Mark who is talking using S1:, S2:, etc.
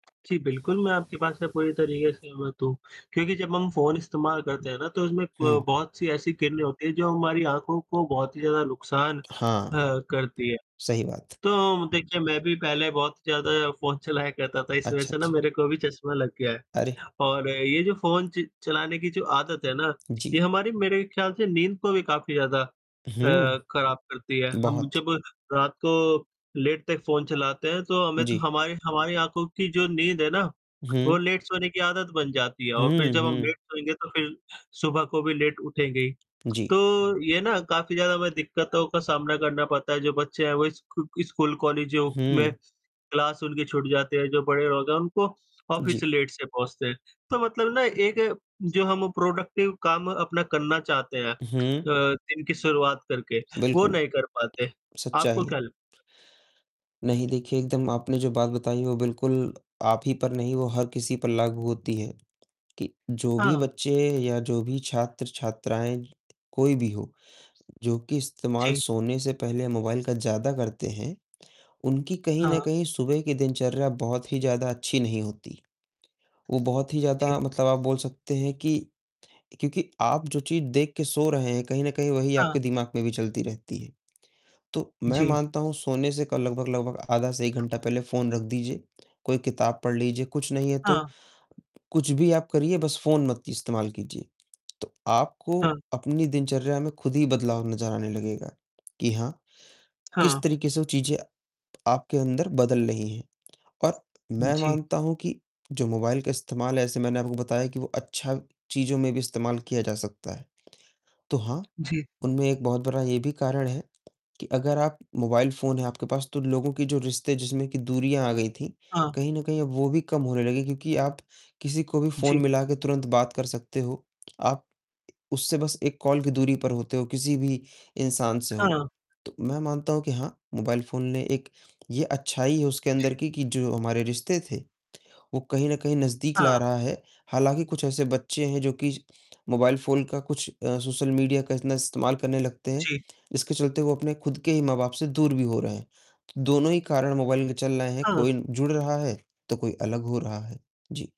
S1: जी, बिल्कुल मैं आपके बात से पूरी तरीके से सहमत हूँ। क्योंकि जब हम फ़ोन इस्तेमाल करते हैं ना तो उसमें प
S2: हुँ।
S1: बहुत सी ऐसी किरणें होती हैं जो हमारी आँखों को बहुत ही ज़्यादा नुकसान अ,
S2: हाँ।
S1: करती हैं।
S2: सही बात।
S1: तो देखिए मैं भी पहले बहुत ज़्यादा फ़ोन चलाया करता था। इस वजह
S2: अच्छा,
S1: से ना
S2: अच्छा।
S1: मेरे को भी चश्मा लग गया है
S2: अरे!
S1: और ये जो फ़ोन च चलाने की जो आदत है ना, ये
S2: जी।
S1: हमारी मेरे ख्याल से नींद को भी काफ़ी ज़्यादा अ,
S2: हुँ,
S1: खराब करती है। हम
S2: बहुत।
S1: जब रात को लेट तक फ़ोन चलाते हैं तो हमें तो
S2: जी।
S1: हमारी हमारी आँखों की जो नींद है ना वो
S2: हुँ।
S1: लेट सोने की आदत बन जाती है। और फ़िर
S2: हुँ,
S1: जब हम
S2: हुँ।
S1: लेट सोएँगे तो फ़िर सुबह को भी लेट उठेंगे।
S2: जी।
S1: तो ये ना काफ़ी ज़्यादा हमें दिक्कतों का सामना करना पड़ता है। जो बच्चे हैं वो स्कू स्कूल, कॉलेज में
S2: हुँ।
S1: क्लास उनकी छूट जाते हैं। जो बड़े लोग हैं उनको ऑफिस
S2: जी।
S1: लेट से पहुँचते हैं। तो मतलब ना एक जो हम प्रोडक्टिव काम अपना करना चाहते हैं अ,
S2: हुँ।
S1: दिन की शुरुआत करके वो
S2: बिल्कुल।
S1: नहीं कर पाते। आपको
S2: सच्चाई
S1: क्या
S2: है। नहीं देखिए, एकदम आपने जो बात बताई वो बिल्कुल आप ही पर नहीं, वो हर किसी पर लागू होती है कि जो भी
S1: हाँ।
S2: बच्चे या जो भी छात्र-छात्राएँ कोई भी हो। जो कि इस्तेमाल
S1: जी।
S2: सोने से पहले मोबाइल का ज़्यादा करते हैं, उनकी कहीं न
S1: हाँ।
S2: कहीं सुबह की दिनचर्या बहुत ही ज़्यादा अच्छी नहीं होती। वो बहुत ही
S1: जी।
S2: ज़्यादा मतलब आप बोल सकते हैं कि क्योंकि आप जो चीज़ देख के सो रहे हैं, कहीं न कहीं वही
S1: हाँ।
S2: आपके दिमाग में भी चलती रहती है। तो मैं
S1: जी।
S2: मानता हूँ सोने से क लगभग-लगभग आधा से 1 घंटा पहले फ़ोन रख दीजिए। कोई किताब पढ़ लीजिए। कुछ नहीं है तो
S1: हाँ।
S2: कुछ भी आप करिए, बस फ़ोन मत इस्तेमाल कीजिए। तो आपको
S1: हाँ।
S2: अपनी दिनचर्या में खुद ही बदलाव नज़र आने लगेगा कि हाँ, किस
S1: हाँ।
S2: तरीके से वो चीज़ें आपके अंदर बदल रही हैं। और मैं
S1: जी।
S2: मानता हूँ कि जो मोबाइल का इस्तेमाल है, जैसे मैंने आपको बताया कि वो अच्छा चीज़ों में भी इस्तेमाल किया जा सकता है। तो हाँ,
S1: जी।
S2: उनमें एक बहुत बड़ा ये भी कारण है कि अगर आप मोबाइल फ़ोन है आपके पास तो लोगों के जो रिश्ते जिसमें कि दूरियाँ आ गई थी,
S1: हाँ।
S2: कहीं न कहीं अब वो भी कम होने लगी क्योंकि आप किसी को भी फ़ोन
S1: जी।
S2: मिलाकर तुरंत बात कर सकते हो। आप उससे बस एक कॉल की दूरी पर होते हो, किसी भी इंसान से हो।
S1: हाँ।
S2: तो मैं मानता हूँ कि हाँ, मोबाइल फ़ोन ने एक ये अच्छाई है उसके अंदर
S1: जी।
S2: की कि जो हमारे रिश्ते थे, वो कहीं न कहीं नज़दीक ला
S1: हाँ।
S2: रहा है। हालाँकि कुछ ऐसे बच्चे हैं जो कि मोबाइल फ़ोन का कुछ अ, सोशल मीडिया का इतना इस्तेमाल करने लगते हैं।
S1: जी।
S2: इसके चलते वो अपने खुद के ही माँ-बाप से दूर भी हो रहे हैं। दोनों ही कारण मोबाइल के चल रहे हैं
S1: हाँ।
S2: कोई जुड़ रहा है, तो कोई अलग हो रहा है। जी।